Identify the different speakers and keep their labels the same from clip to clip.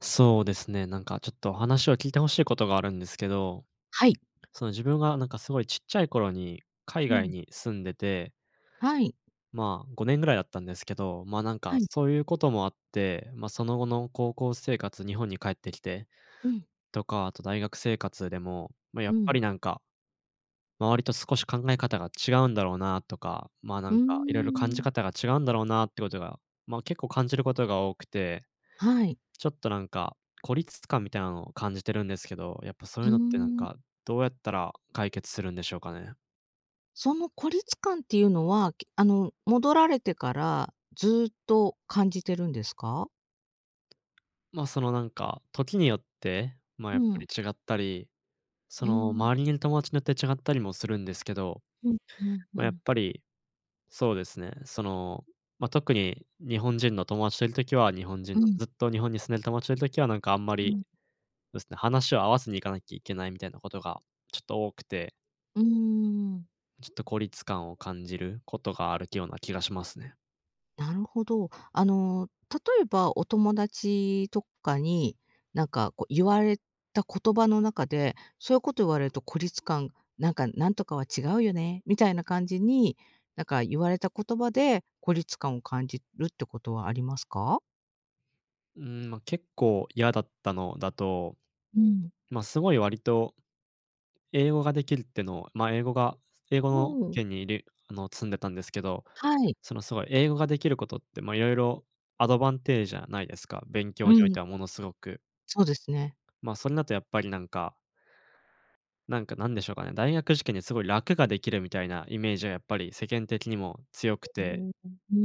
Speaker 1: そうですね。なんかちょっとお話を聞いて欲しいことがあるんですけど、
Speaker 2: はい。
Speaker 1: その自分がなんかすごいちっちゃい頃に海
Speaker 2: う
Speaker 1: 外
Speaker 2: ん。
Speaker 1: に住んでて。
Speaker 2: はい。
Speaker 1: まあ、5年ぐらいだったんですけど、ま、なんか
Speaker 2: はい。
Speaker 1: そういうこともあって、ま、その後の高校生活日本に帰ってきて、
Speaker 2: うん。
Speaker 1: とか、あと大学生活でも、まあ、や
Speaker 2: う
Speaker 1: っぱ
Speaker 2: ん。
Speaker 1: りなんか、周りと少し考え方が違うんだろうなとか、まあ、な
Speaker 2: う
Speaker 1: ん
Speaker 2: ー
Speaker 1: かいろいろ感じ
Speaker 2: ん。
Speaker 1: 方が違うんだろうなっていうことが、まあ、結構感じることが多くて、
Speaker 2: はい。
Speaker 1: ちょっとなんか、孤立感みたいなのを感じてるんですけど、やっぱそう
Speaker 2: う
Speaker 1: いう
Speaker 2: ー
Speaker 1: のってなん
Speaker 2: ん。
Speaker 1: か、どうやったら解決するんでしょうかね。
Speaker 2: その孤立感っていうのは、けあの戻られてからずっと感じてるんですか？
Speaker 1: ま、そのなんか、時によって、まあ、
Speaker 2: う
Speaker 1: やっぱ
Speaker 2: ん。
Speaker 1: り違ったり、そ
Speaker 2: うー
Speaker 1: の
Speaker 2: ん。
Speaker 1: 周りにいる友達によって違ったりもするんですけど、
Speaker 2: うん、ふんふ
Speaker 1: ま、やっ
Speaker 2: ん。
Speaker 1: ぱり、そうですね、その、ま、特に日本人の友達といる時は日本人
Speaker 2: う
Speaker 1: の、
Speaker 2: ん。
Speaker 1: ずっと日本に住んでる友達といる時はなんかあんま
Speaker 2: う
Speaker 1: り、
Speaker 2: ん。
Speaker 1: そうですね、話を合わせに行かなきゃいけないみたいなことがちょっと多くて。
Speaker 2: うーん。
Speaker 1: ちょっと孤立感を感じることがあるきような気がしますね。
Speaker 2: なるほど。あの、例えば、お友達とかに、なんかこう言われた言葉の中で、そういうこと言われると孤立感、なんか「なんとかは違うよね」みたいな感じに、なんか言われた言葉で孤立感を感じるってことはありますか？
Speaker 1: うん、ま、結構嫌だったのだと。
Speaker 2: うん。
Speaker 1: ま、すごい割と、英語ができるっての、ま、英語が、英語
Speaker 2: う
Speaker 1: の
Speaker 2: ん。
Speaker 1: 圏にいる、あの、住んでたんですけど。
Speaker 2: はい。
Speaker 1: そのすごい英語ができることって、ま、色々アドバンテージじゃないですか、勉
Speaker 2: う
Speaker 1: 強におい
Speaker 2: ん。
Speaker 1: てはものすごく。
Speaker 2: そうですね。
Speaker 1: まあ、それだとやっぱりなんか。なんか、なんでしょうかね。大学受験ですごい楽ができるみたいなイメージはやっぱり世間的にも強く
Speaker 2: う
Speaker 1: て。
Speaker 2: ん、うー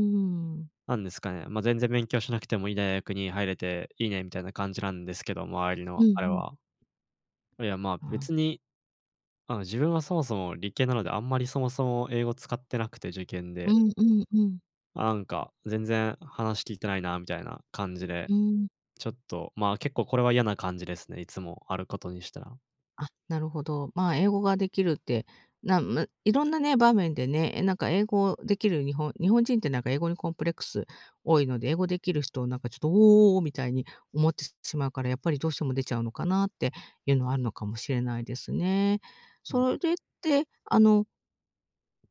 Speaker 2: ん。
Speaker 1: なんですかね、ま「全然勉強しなくてもいい大学に入れていいね」みたいな感じなんですけど、周り
Speaker 2: うん
Speaker 1: の
Speaker 2: う
Speaker 1: あれ
Speaker 2: ん。
Speaker 1: は。これは、ま、
Speaker 2: うん。
Speaker 1: 別にあの、自分はそもそも理系なので、あんまりそもそも英語使ってなくて、受験
Speaker 2: う
Speaker 1: で。
Speaker 2: んうんうん。
Speaker 1: なんか全然話聞いてないなみたいな感じで。
Speaker 2: うん。
Speaker 1: ちょっと、ま、結構これは嫌な感じですね、いつもあることにしたら。
Speaker 2: あ、なるほど。ま、英語が出来るって、なむ色んなね、場面でね。え、なんか、英語出来る日本日本人って、なんか英語にコンプレックス多いので、英語出来る人を、なんか、ちょっと「おお！」みたいに思ってしまうから、やっぱり、どうしても出ちゃうのかなっていうのは、あるのかもしれないですね。
Speaker 1: うん。
Speaker 2: それって、あの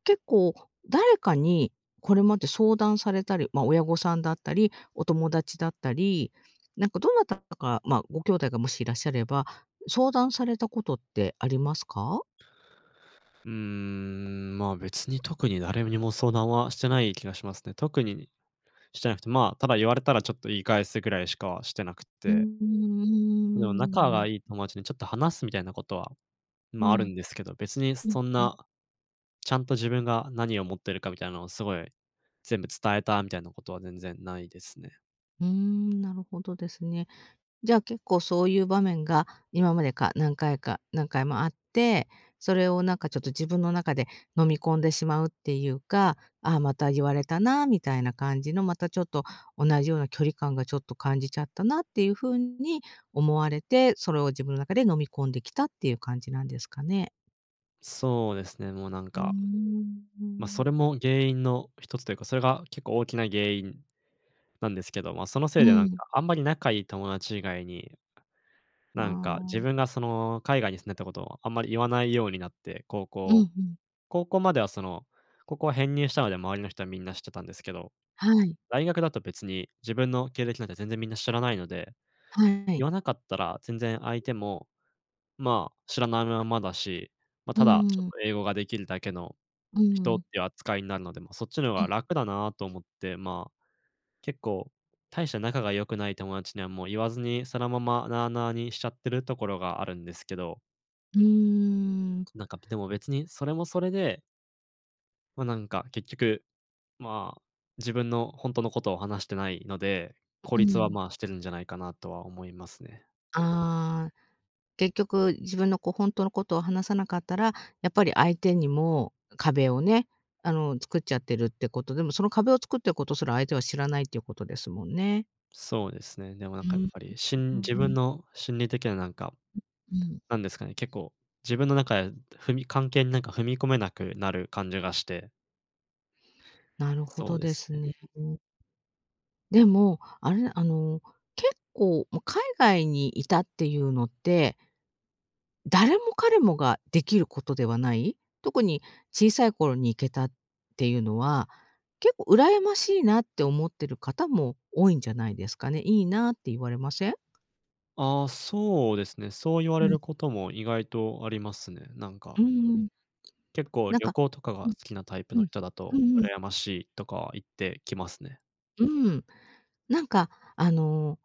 Speaker 2: 結構、誰かに、これまで相談されたり、ま、親御さんだったり、お友達だったり、なんかどなたか、ま、ご兄弟が、もしいらっしゃれば、相談されたことってありますか？
Speaker 1: うーん、ま、別に特に誰にも相談はしてない気がしますね。特にしてなくて、ま、ただ言われたら、ちょっと言い返すぐらいしかしてなくっ
Speaker 2: うー
Speaker 1: て。でも、仲
Speaker 2: ん、
Speaker 1: が
Speaker 2: な
Speaker 1: いい友達にちょっと話すみたいなことは、
Speaker 2: う
Speaker 1: ま、ある
Speaker 2: ん。
Speaker 1: んですけど。別にそ
Speaker 2: うん
Speaker 1: そん
Speaker 2: うん。
Speaker 1: な、ちゃんと自分が何思ってるかみたいなのを、すごい全部伝えたみたいなことは全然無いですね。
Speaker 2: うーん、なるほどですね。じゃあ、結構、そういう場面が、今まで、か何回か何回もあって、それをなんか、ちょっと自分の中で飲み込んでしまうっていうか「あ、また言われたな」みたいな感じの。また、ちょっと同じような距離感が、ちょっと感じちゃったなっていう風に思われて、それを自分の中で飲み込んできたっていう感じなんですかね？
Speaker 1: そうですね、もうなん
Speaker 2: うー
Speaker 1: か。
Speaker 2: ん。う
Speaker 1: ま、そ
Speaker 2: ん。
Speaker 1: れも原因の一つというか、それが結構大きな原因なんですけど、ま、そのせい
Speaker 2: う
Speaker 1: でなんか
Speaker 2: ん。
Speaker 1: あんまり仲いい友達以外に、
Speaker 2: まあ、
Speaker 1: なんか自
Speaker 2: うん。
Speaker 1: 分がその、海外に住んでたことはあんまり言わないようになって、高
Speaker 2: うん、
Speaker 1: 校
Speaker 2: ふん。
Speaker 1: 高校まではその、高校は編入したので周りの人はみんな知ってたんですけど、
Speaker 2: はい。
Speaker 1: 大学だと別に自分の経歴なんて全然みんな知らないので、
Speaker 2: はい。
Speaker 1: 言わなかったら全然相手も、まあ、知らないままだし、ま、
Speaker 2: う
Speaker 1: ただちょっ
Speaker 2: ーん。
Speaker 1: と英語ができるだけの
Speaker 2: う
Speaker 1: 人っ
Speaker 2: ん。
Speaker 1: ていう扱いになるので、ま、そっちの方
Speaker 2: う
Speaker 1: が
Speaker 2: ん。
Speaker 1: 楽だなと思って、まあ、結構大して仲が良くない友達にはもう言わずに、そのままなあなあにしちゃってるところがあるんですけど。
Speaker 2: うーん。
Speaker 1: なんか、ぴでも別にそれもそれでま、なんか結局、まあ、自分のほんとのことを話してないので、
Speaker 2: え、
Speaker 1: 孤
Speaker 2: う
Speaker 1: 立は
Speaker 2: ん。
Speaker 1: まあ、してるんじゃないかなとは思いますね。
Speaker 2: ああ、結局自分のこうほんとのことを話さなかったら、やっぱり相手にも壁をね、あの作っちゃってるってこと、でも、その壁を作ってることすら相手は知らないっていうことですもんね。
Speaker 1: そうですね。でもなん
Speaker 2: う
Speaker 1: か、や
Speaker 2: ー
Speaker 1: っ
Speaker 2: ん、
Speaker 1: ぱり、し
Speaker 2: [unintelligible]
Speaker 1: ん
Speaker 2: ふー
Speaker 1: 自分
Speaker 2: ん。
Speaker 1: の心理的な、なんか、
Speaker 2: ううん。
Speaker 1: なんですかね、結構自分の中で踏み関係になんか踏み込めなくなる感じがして。
Speaker 2: なるほ
Speaker 1: そう
Speaker 2: ど
Speaker 1: で
Speaker 2: で
Speaker 1: す
Speaker 2: す
Speaker 1: ね。
Speaker 2: ね。うん。でも、あれ、あの、結構、も、海外にいたっていうのって誰も彼もができることではない、特に小さい頃に行けたっていうのは、結構、羨ましいなって思ってる方も多いんじゃないですかね「いいな」って言われません？
Speaker 1: あ、そうですね。そう言われ
Speaker 2: うん。
Speaker 1: ることも意外とありますね、なんか
Speaker 2: うんうん。
Speaker 1: 結構
Speaker 2: なん
Speaker 1: 旅
Speaker 2: か
Speaker 1: 行とかが
Speaker 2: う
Speaker 1: 好
Speaker 2: ん、
Speaker 1: きなタイプ
Speaker 2: う
Speaker 1: の
Speaker 2: ん、
Speaker 1: 人だ
Speaker 2: う
Speaker 1: と、
Speaker 2: んうん。
Speaker 1: 羨ましいとかは言ってきますね。
Speaker 2: うん。なんか、あの、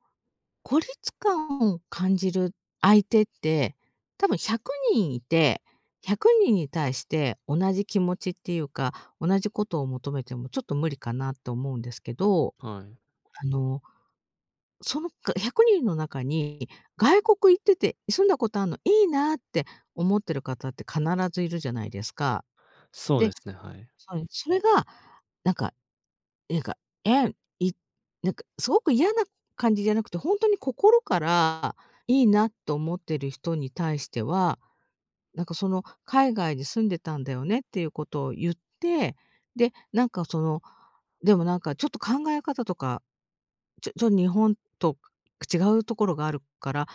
Speaker 2: 孤立感を感じる相手って、多分、100人いて、100人に対して、同じ気持ちっていうか、同じことを求めても、ちょっと無理かなと思うんですけど、
Speaker 1: はい。
Speaker 2: あの、その、か100人の中に「外国行ってて住んだことあんの、いいな」って思ってる方って必ずいるじゃないですか。
Speaker 1: そうで
Speaker 2: で
Speaker 1: すね、はい。
Speaker 2: そい、それが、なんか、えがえんいなんか、すごく嫌な感じじゃなくて、ほんとに心からいいなと思ってる人に対しては、なんかその、「海外に住んでたんだよね」っていうことを言って、で、なんかその、「でもなんか、ちょっと考え方とか、ちょちょ日本と違うところがあるから、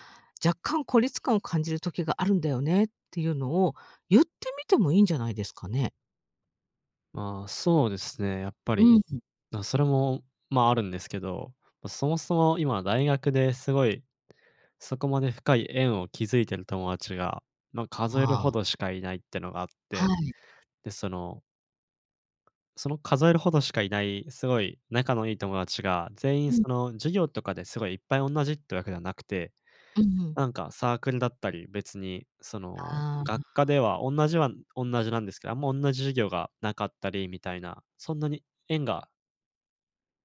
Speaker 2: 若干孤立感を感じる時があるんだよね」っていうのを言ってみてもいいんじゃないですかね？
Speaker 1: まあ、そうですね、やっぱ
Speaker 2: う
Speaker 1: り、
Speaker 2: ん。
Speaker 1: な、それもまあ、あるんですけど、そもそも今大学ですごい、そこまで深い縁を築いてる友達が、ま、数える
Speaker 2: あ
Speaker 1: ほ
Speaker 2: あ。
Speaker 1: どしかいないってのがあっ
Speaker 2: は
Speaker 1: て。
Speaker 2: い。
Speaker 1: で、そのその数えるほどしかいない、すごい仲のいい友達が、全
Speaker 2: う
Speaker 1: 員
Speaker 2: ん。
Speaker 1: その、授業とかですごいいっぱいおんなじっていうわけではなくて、
Speaker 2: うんうん。
Speaker 1: なんかサークルだったり、別に、その、
Speaker 2: ああ。
Speaker 1: 学科ではおんなじはおんなじなんですけど、あんまおんなじ授業がなかったりみたいな、そんなに縁が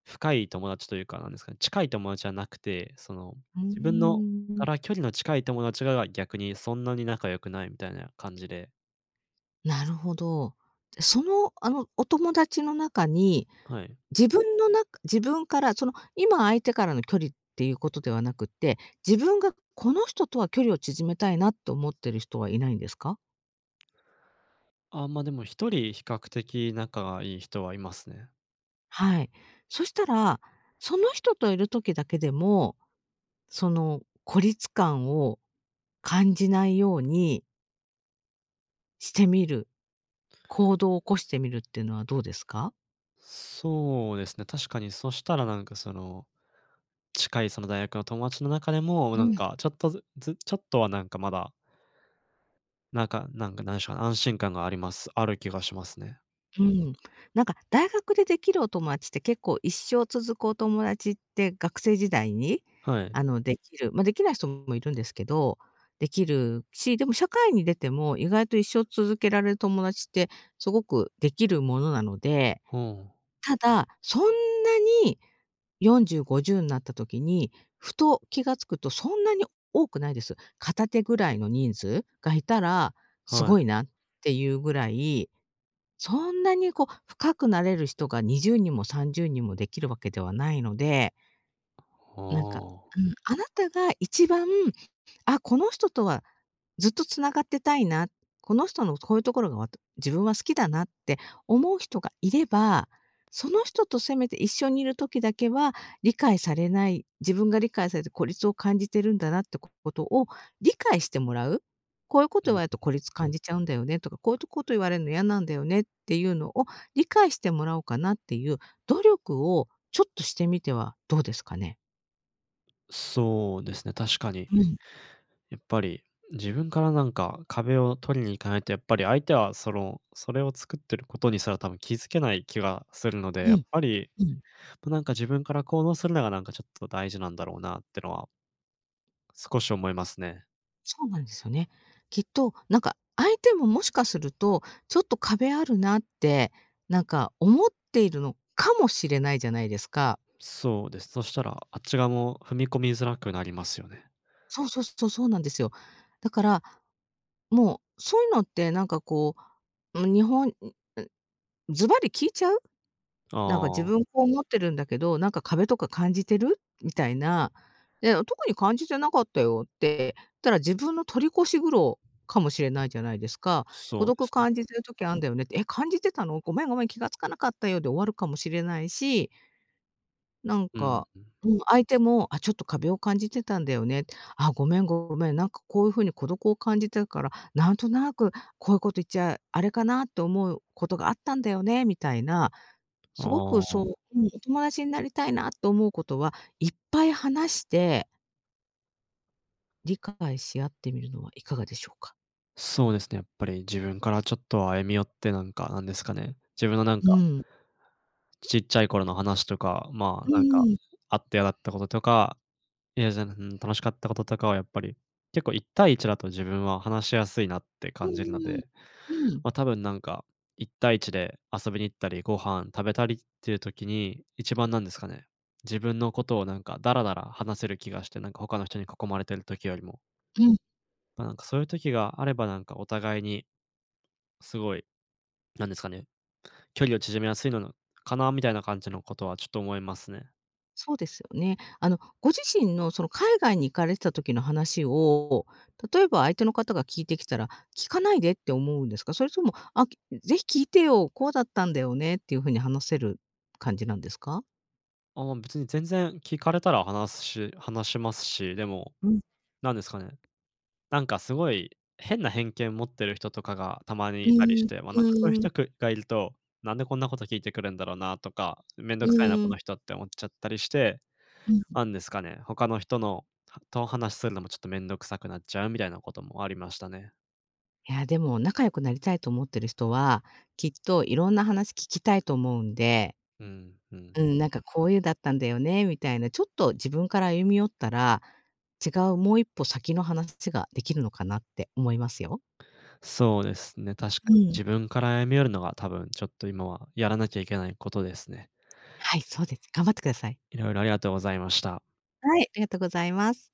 Speaker 1: 深い友達というか、なんですかね、近い友達じゃなくて、その、
Speaker 2: うー
Speaker 1: 自分のか
Speaker 2: ん。
Speaker 1: ら距離の近い友達がが逆にそんなに仲良くないみたいな感じで。
Speaker 2: なるほど。じゃ、その、あの、お友達の中に、
Speaker 1: はい。
Speaker 2: 自分の中自分から、その、今相手からの距離っていうことではなくって、自分がこの人とは距離を縮めたいなっと思ってる人はいないんですか？
Speaker 1: あ、ま、でも1人比較的仲がいい人はいますね。
Speaker 2: はい。そしたら、その人といる時だけでも、その、孤立感を感じないようにしてみる。行動起こしてみるってのは、どうですか？
Speaker 1: そうですね。確かに、そしたら、なんかその、近い、その、大学の友達の中でも、
Speaker 2: う
Speaker 1: なん
Speaker 2: ん。
Speaker 1: かちょっとずずちょっとは、なんかまだなんかなんか、なんしょう、安心感があります。ある気がしますね。
Speaker 2: うーん。なんか、大学でできるお友達って、結構、一生続くお友達って、学生時代に、
Speaker 1: はい。
Speaker 2: あの、できる、ま、できない人もいるんですけど。できるし、でも社会に出ても、意外と、一生続けられる友達って、すごくできるものなので。
Speaker 1: ふーん。
Speaker 2: ただ、そんなに、40、50なった時に、ふと気が付くと、そんなに多くないです。片手ぐらいの人数がいたら、す
Speaker 1: は
Speaker 2: ご
Speaker 1: い。
Speaker 2: いなっていうぐらい。そんなにこう、深くなれる人が、20人も30人も、できるわけではないので。なんか
Speaker 1: はあ。
Speaker 2: うん。あなたが、一番「あ、この人とは、ずっと繋がってたいな。この人の、こういうところが、わた自分は好きだな」って、思う人がいれば、その人と、せめて、一緒にいる時だけは、理解されない、自分が理解されて、孤立を感じてるんだなってことを、理解してもらう？「こういうこ
Speaker 1: う
Speaker 2: と言
Speaker 1: んう
Speaker 2: われると、孤
Speaker 1: ん。
Speaker 2: 立感じちゃうんだよね」とか「こういうとこと言われるの、嫌なんだよね」っていうのを、理解してもらおうかなっていう努力を、ちょっとしてみてはどうですかね？
Speaker 1: そうですね、確かに。
Speaker 2: うん。
Speaker 1: やっぱり、自分からなんか壁を取りに行かないと、やっぱり相手はその、それを作ってることにすら多分気づけない気がするので、
Speaker 2: う
Speaker 1: やっ
Speaker 2: ん、
Speaker 1: ぱり、
Speaker 2: うん。
Speaker 1: となんか自分から行動するのがなんかちょっと大事なんだろうなってのは少し思いますね。
Speaker 2: そうなんですよね。きっと、なんか、相手ももしかすると、ちょっと壁あるなって、なんか思っているのかもしれないじゃないですか。
Speaker 1: そうです。そしたら、あっち側も踏み込みづらくなりますよね。
Speaker 2: そうそう、そそうなんですよ。だから、もう、そういうのってなんかこう、ま、日本、ううずばり聞いちゃう？
Speaker 1: あ
Speaker 2: なんか「自
Speaker 1: あ。
Speaker 2: 分こう思ってるんだけど、なんか壁とか感じてる？」みたいな。で「あ、特に感じてなかったよ」って言ったら、自分の取り越し苦労かもしれないじゃないですか。「孤
Speaker 1: そうで
Speaker 2: 独
Speaker 1: すね。
Speaker 2: 感じてる時あんだよね」って「え、感じてたの？ごめんごめん、気が付かなかったよ」で終わるかもしれないしなん
Speaker 1: うん。
Speaker 2: か、もう相手も「あ、ちょっと壁を感じてたんだよね。あ、ごめんごめん。なんかこういう風に孤独を感じてるから、なんとなくこういうこと言っちゃあれかなって思うことがあったんだよね」みたいな。すご
Speaker 1: あ
Speaker 2: くそう
Speaker 1: あ。
Speaker 2: うん、お友達になりたいなと思う子とは、いっぱい話して理解し合ってみるのはいかがでしょうか。
Speaker 1: そうですね、やっぱり自分からちょっと歩み寄ってなんか、なんですかね。自分のなん
Speaker 2: う
Speaker 1: か
Speaker 2: ん。
Speaker 1: ちっちゃい頃の話とか、まあ、
Speaker 2: うん
Speaker 1: なんか、
Speaker 2: うん。
Speaker 1: あって嫌だったこととか、嫌じゃなうん、楽しかったこととかはやっぱり、結構一対一だと自分は話しやすいなって
Speaker 2: う
Speaker 1: 感
Speaker 2: ん
Speaker 1: じるの
Speaker 2: うん
Speaker 1: で、
Speaker 2: うん、うん。
Speaker 1: ま、多分なんか、一対一で遊びに行ったり、ご飯食べたりっていう時に、一番なんですかね、自分のことをなんかダラダラ話せる気がして、なんか他の人に囲まれている時よりも。
Speaker 2: うん。
Speaker 1: まあなんか、そういう時があれば、なんかお互いに、すごい、なんですかね、距離を縮めやすいなののかな、みたいな感じのことはちょっと思いますね。
Speaker 2: そうですよね。あの、ご自身のその海外に行かれてた時の話を、例えば相手の方が聞いてきたら、聞かないでって思うんですか？それとも、「あ、き是非聞いてよ、こうだったんだよね」っていう風に話せる感じなんですか？
Speaker 1: ああ、別に全然聞かれたら話すし話しますし、でも、
Speaker 2: うん。
Speaker 1: なんですかね、なんかすごい変な偏見を持ってる人とかが、たまに
Speaker 2: う
Speaker 1: 居たりし
Speaker 2: ん、
Speaker 1: て、ま、なんかそういう
Speaker 2: う
Speaker 1: 人
Speaker 2: ん。
Speaker 1: がく居ると、なんでこんなこと聞いてくるんだろうなとか、面倒
Speaker 2: う
Speaker 1: 臭いなこ
Speaker 2: ん。
Speaker 1: の人って思っちゃったりして、
Speaker 2: うん。
Speaker 1: なんですかね、他の人のとお話するのもちょっと面倒臭くなっちゃうみたいなこともありましたね。
Speaker 2: いや、でも、仲良くなりたいと思ってる人は、きっと色んな話聞きたいと思うんで
Speaker 1: うんうん。
Speaker 2: うん、なんかこういうだったんだよね、みたいな、ちょっと自分から歩み寄ったら、違うもう一歩先の話が出来るのかなって思いますよ。
Speaker 1: そうですね、確か
Speaker 2: う
Speaker 1: に、
Speaker 2: ん。
Speaker 1: 自分から歩み寄るのが多分ちょっと今はやらなきゃいけないことですね。
Speaker 2: はい、そうです。頑張ってください。
Speaker 1: 色々ありがとうございました。
Speaker 2: はい、ありがとうございます。